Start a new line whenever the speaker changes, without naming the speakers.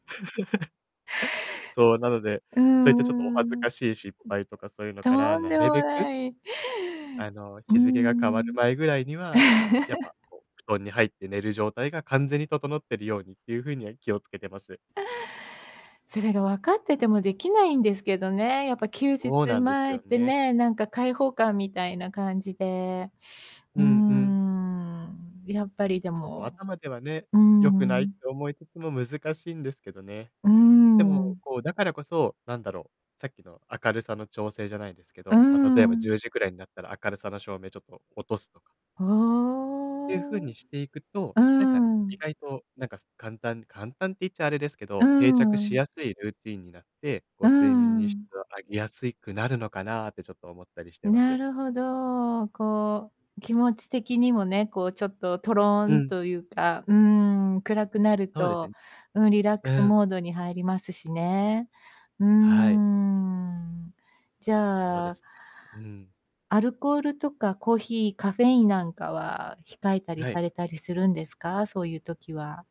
そう、なので、
う
そういったちょっとお
んう
恥
ん。
ず
うん、
かしい失敗とか、そういうのから、
とん
な
で
る
も
べく
ない。
あの、
うー
日付が変わる
ん。
前ぐらいには、やっ ぱこう、布団に入って寝る状態が完全に整ってるようにっていう風には気をつけてます。
それが分かってても出来ないんですけどね、やっぱ休日
ごうなんです
前っ
よ
て
ね。
ね、なんか解放感みたいな感じで。う
う
ー
んうん。
ん。やっぱりで
そう、
も
頭ではね、
う
良くないって
ん。
思いつつも難しいんですけどね。
うー
でも、
ん。
こう、だからこそ、なんだろう、さっきの明るさの調整じゃないですけ
うー
ど、ま、例えばじゅ
ん。
うじくらいになったら明るさの照明ちょっと落とすとかっていう風
は
に
あ。
していくと、
うー
なんか意
ん。
外となんかす簡単簡単って言っちゃあれですけ
うー
ど、定着し
ん。
やすいルーティンになって、こ
う
う
ー
睡眠に質
ん。
を上げやすいくなるのかなってちょっと思ったりしてま
な
す。
るほど。こう、気持ち的にもね、こうちょっと、トロー
う
ン
ん。
というか、うーん、暗くなる
そうですん
と、うん、リラックス
うん。
モードに入りますしね。うー
はい。
ん。じ
そう
ゃ
で
あ
すね。うん。
アルコールとかコーヒー、カフェインなんかは、控えたり
はい。
されたりするんですか？そういう時は。